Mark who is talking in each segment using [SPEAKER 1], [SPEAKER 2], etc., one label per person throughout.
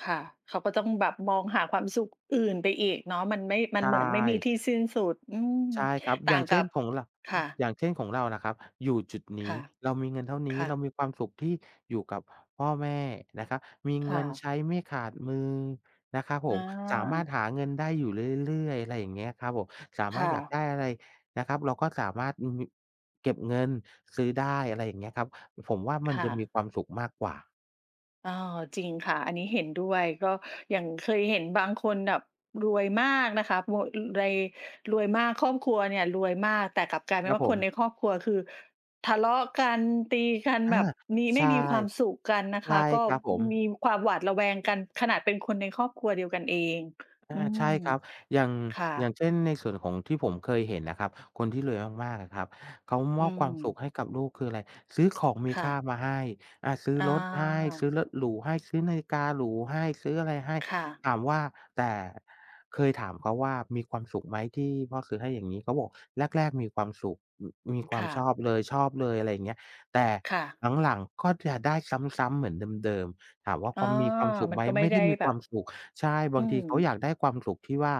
[SPEAKER 1] ค่ะ เขาก็ต้องแบบมองหาความสุขอื่นไปอีกเนาะ มันไม่ ม
[SPEAKER 2] ใ
[SPEAKER 1] ั
[SPEAKER 2] ช
[SPEAKER 1] นเหมือนไม่มี
[SPEAKER 2] ่
[SPEAKER 1] ที่สิ้นสุด อืม
[SPEAKER 2] ใช่ครับ
[SPEAKER 1] ต
[SPEAKER 2] อย
[SPEAKER 1] ่
[SPEAKER 2] ่
[SPEAKER 1] า
[SPEAKER 2] าง
[SPEAKER 1] ง
[SPEAKER 2] เช
[SPEAKER 1] กั
[SPEAKER 2] ่น
[SPEAKER 1] บ
[SPEAKER 2] ของ ร
[SPEAKER 1] ค่ะ
[SPEAKER 2] อย่างเช่นของเราน่ะครับ อยู่จุดน
[SPEAKER 1] ค
[SPEAKER 2] ี้
[SPEAKER 1] ่ะ
[SPEAKER 2] เรามีเงินเท่าน
[SPEAKER 1] ค
[SPEAKER 2] ี้
[SPEAKER 1] ่
[SPEAKER 2] เรา
[SPEAKER 1] ะ
[SPEAKER 2] มีความสุขที่อยู่กับพ่อแม่นะครับ มี
[SPEAKER 1] ค
[SPEAKER 2] เง
[SPEAKER 1] ่
[SPEAKER 2] ิน
[SPEAKER 1] ะ
[SPEAKER 2] ใช้ไม่ขาดมือนะครับผ
[SPEAKER 1] อ
[SPEAKER 2] ม สามารถ
[SPEAKER 1] า
[SPEAKER 2] หาเงินได้อยู่เรื่อย ๆ อะไรอย่างเงี้ยครับผม สา
[SPEAKER 1] ค
[SPEAKER 2] มาร
[SPEAKER 1] ่
[SPEAKER 2] ถอยาก
[SPEAKER 1] ะ
[SPEAKER 2] ได้อะไรนะครับ เราก็สามารถ ม มี เก็บเงินซื้อได้ อะไรอย่างเงี้ยครับ ผมว่ามั
[SPEAKER 1] ค
[SPEAKER 2] น
[SPEAKER 1] ่
[SPEAKER 2] จะมี
[SPEAKER 1] ะ
[SPEAKER 2] ความสุขมากกว่า
[SPEAKER 1] เออ จริงค่ะ อันนี้เห็นด้วย ก็อย่างเคยเห็นบางคนแบบรวยมากนะคะ มัว ไร รวยมาก ครอบครัวเนี่ยรวยมาก แต่กลับกลายเป
[SPEAKER 2] ค
[SPEAKER 1] ็
[SPEAKER 2] ร
[SPEAKER 1] น
[SPEAKER 2] ับ
[SPEAKER 1] ว่า
[SPEAKER 2] ผ
[SPEAKER 1] คน
[SPEAKER 2] ม
[SPEAKER 1] ในครอบครัวคือทะเลาะกัน ตีกัน
[SPEAKER 2] อา
[SPEAKER 1] แบบมี
[SPEAKER 2] ใ
[SPEAKER 1] ไ
[SPEAKER 2] ช
[SPEAKER 1] ม่
[SPEAKER 2] ่
[SPEAKER 1] มีความสุขกันนะ
[SPEAKER 2] ใช
[SPEAKER 1] ค
[SPEAKER 2] ่
[SPEAKER 1] ะ ก็
[SPEAKER 2] ครับผม
[SPEAKER 1] มีความหวาดระแวงกัน ขนาดเป็นคนในครอบครัวเดียวกันเอง
[SPEAKER 2] อ
[SPEAKER 1] อ
[SPEAKER 2] า
[SPEAKER 1] ื
[SPEAKER 2] ใช
[SPEAKER 1] ม
[SPEAKER 2] ่ครับ อย่าง
[SPEAKER 1] ค่
[SPEAKER 2] อย่าง
[SPEAKER 1] ะ
[SPEAKER 2] เช่น ในส่วนของที่ผมเคยเห็นนะครับ คนที่รวยมาก ๆ อะครับ เขาม
[SPEAKER 1] อื
[SPEAKER 2] อบความสุข
[SPEAKER 1] ม
[SPEAKER 2] ให้กับลูก คืออะไร? ซื้อของมี
[SPEAKER 1] ค่
[SPEAKER 2] ค่า
[SPEAKER 1] ะ
[SPEAKER 2] มาให้ อา ซื้อ
[SPEAKER 1] อ
[SPEAKER 2] รถให้ ซื
[SPEAKER 1] า
[SPEAKER 2] ้อรถหรูให้ ซื้อนาฬิกาหรูให้ ซื้ออะไรให้
[SPEAKER 1] ค่ะ
[SPEAKER 2] ถามว่า แต่ เคยถามเขาว่า "มีความสุขไหมที่พ่อซื้อให้อย่างงี้?" เขาก็บอก "แรก ๆ มีความสุข ม มีควา
[SPEAKER 1] ค
[SPEAKER 2] ม
[SPEAKER 1] ่
[SPEAKER 2] ช
[SPEAKER 1] ะ
[SPEAKER 2] อบเลย ชอบเลย อะไรอย่างเงี้ย แต่
[SPEAKER 1] ค่ะ
[SPEAKER 2] หลัง ๆ ก็จะได้ซ้ำ ๆ เหมือนเดิม ๆ" ถามว่า "เ
[SPEAKER 1] อ
[SPEAKER 2] ข
[SPEAKER 1] ๋อ
[SPEAKER 2] ามีความสุข
[SPEAKER 1] ม
[SPEAKER 2] ไ
[SPEAKER 1] ั
[SPEAKER 2] ห
[SPEAKER 1] น
[SPEAKER 2] ม?"
[SPEAKER 1] ก็ไม
[SPEAKER 2] ไ
[SPEAKER 1] ่
[SPEAKER 2] ม่
[SPEAKER 1] ไ
[SPEAKER 2] ไ
[SPEAKER 1] ด
[SPEAKER 2] ด
[SPEAKER 1] ้
[SPEAKER 2] ้มี
[SPEAKER 1] แ
[SPEAKER 2] ค
[SPEAKER 1] บ
[SPEAKER 2] วา
[SPEAKER 1] บ
[SPEAKER 2] มสุข ใช่ บ
[SPEAKER 1] อ
[SPEAKER 2] า
[SPEAKER 1] ื
[SPEAKER 2] งที
[SPEAKER 1] ม
[SPEAKER 2] เขาอยากได้ความสุขที่ว่า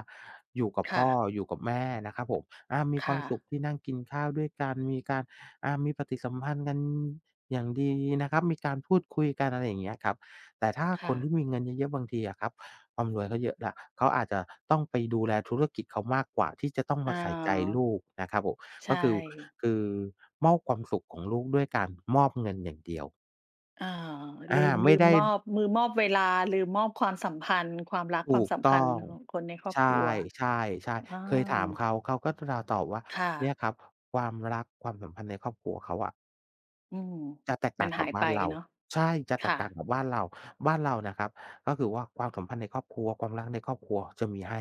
[SPEAKER 2] อยู่กับ
[SPEAKER 1] ค
[SPEAKER 2] พ
[SPEAKER 1] ่
[SPEAKER 2] ่อ
[SPEAKER 1] ะ
[SPEAKER 2] อยู่กับแม่นะครับผม อา มี
[SPEAKER 1] ค
[SPEAKER 2] ควา
[SPEAKER 1] ่
[SPEAKER 2] ม
[SPEAKER 1] ะ
[SPEAKER 2] สุขที่นั่งกินข้าวด้วยกัน มีการ อา มีปฏิสัมพันธ์กันอย่างดีนะครับ มีการพูดคุยกัน อะไรอย่างเงี้ยครับ แต่ถ้า
[SPEAKER 1] ค
[SPEAKER 2] ค
[SPEAKER 1] ่
[SPEAKER 2] น
[SPEAKER 1] ะ
[SPEAKER 2] ที่มีเงินเยอะ ๆ บางทีอะครับ ความรวยเขาเยอะแล้ว เขาอาจจะต้องไปดูแลธุรกิจเขามากกว่าที่จะต้องม
[SPEAKER 1] อ๋
[SPEAKER 2] า
[SPEAKER 1] อ
[SPEAKER 2] ใส่ใจลูกนะครับผม
[SPEAKER 1] ใช
[SPEAKER 2] ก็
[SPEAKER 1] ่
[SPEAKER 2] คือ คือ มอบความสุขของลูกด้วยการมอบเงินอย่างเดียว
[SPEAKER 1] อ๋อ
[SPEAKER 2] อ
[SPEAKER 1] ล
[SPEAKER 2] า
[SPEAKER 1] ืม
[SPEAKER 2] ไม
[SPEAKER 1] ลื
[SPEAKER 2] ่ไ
[SPEAKER 1] ม
[SPEAKER 2] ด้
[SPEAKER 1] มอบ มือมอบเวลา ลืมมอบความสัมพันธ์ ความรัก
[SPEAKER 2] ถ
[SPEAKER 1] ควา
[SPEAKER 2] ู
[SPEAKER 1] ม
[SPEAKER 2] ก
[SPEAKER 1] สัม
[SPEAKER 2] ต
[SPEAKER 1] พั
[SPEAKER 2] ้
[SPEAKER 1] น
[SPEAKER 2] อ
[SPEAKER 1] ธ์
[SPEAKER 2] ง
[SPEAKER 1] ของคนในครอ
[SPEAKER 2] ใ
[SPEAKER 1] บ
[SPEAKER 2] ช่
[SPEAKER 1] ครัว
[SPEAKER 2] ใช่ ใช่
[SPEAKER 1] อา
[SPEAKER 2] เคยถามเขา เขาก็ ต ตอบว่า
[SPEAKER 1] ค่
[SPEAKER 2] เนี่ย
[SPEAKER 1] ะ
[SPEAKER 2] ครับ ความรัก ความสัมพันธ์ในครอบครัวเขาอะ
[SPEAKER 1] อืม
[SPEAKER 2] จะแตกต
[SPEAKER 1] ม
[SPEAKER 2] ่
[SPEAKER 1] ั
[SPEAKER 2] า
[SPEAKER 1] น
[SPEAKER 2] งก
[SPEAKER 1] ห
[SPEAKER 2] ั
[SPEAKER 1] า
[SPEAKER 2] บ
[SPEAKER 1] ย
[SPEAKER 2] บ
[SPEAKER 1] ไ
[SPEAKER 2] ้
[SPEAKER 1] ป
[SPEAKER 2] านเรา
[SPEAKER 1] เนาะ
[SPEAKER 2] ใช่ จะแต
[SPEAKER 1] ค่
[SPEAKER 2] กต่าง
[SPEAKER 1] ะ
[SPEAKER 2] กับบ้านเรา บ้านเรานะครับ ก็คือว่าความสัมพันธ์ในครอบครัว ความรักในครอบครัวจะมีให้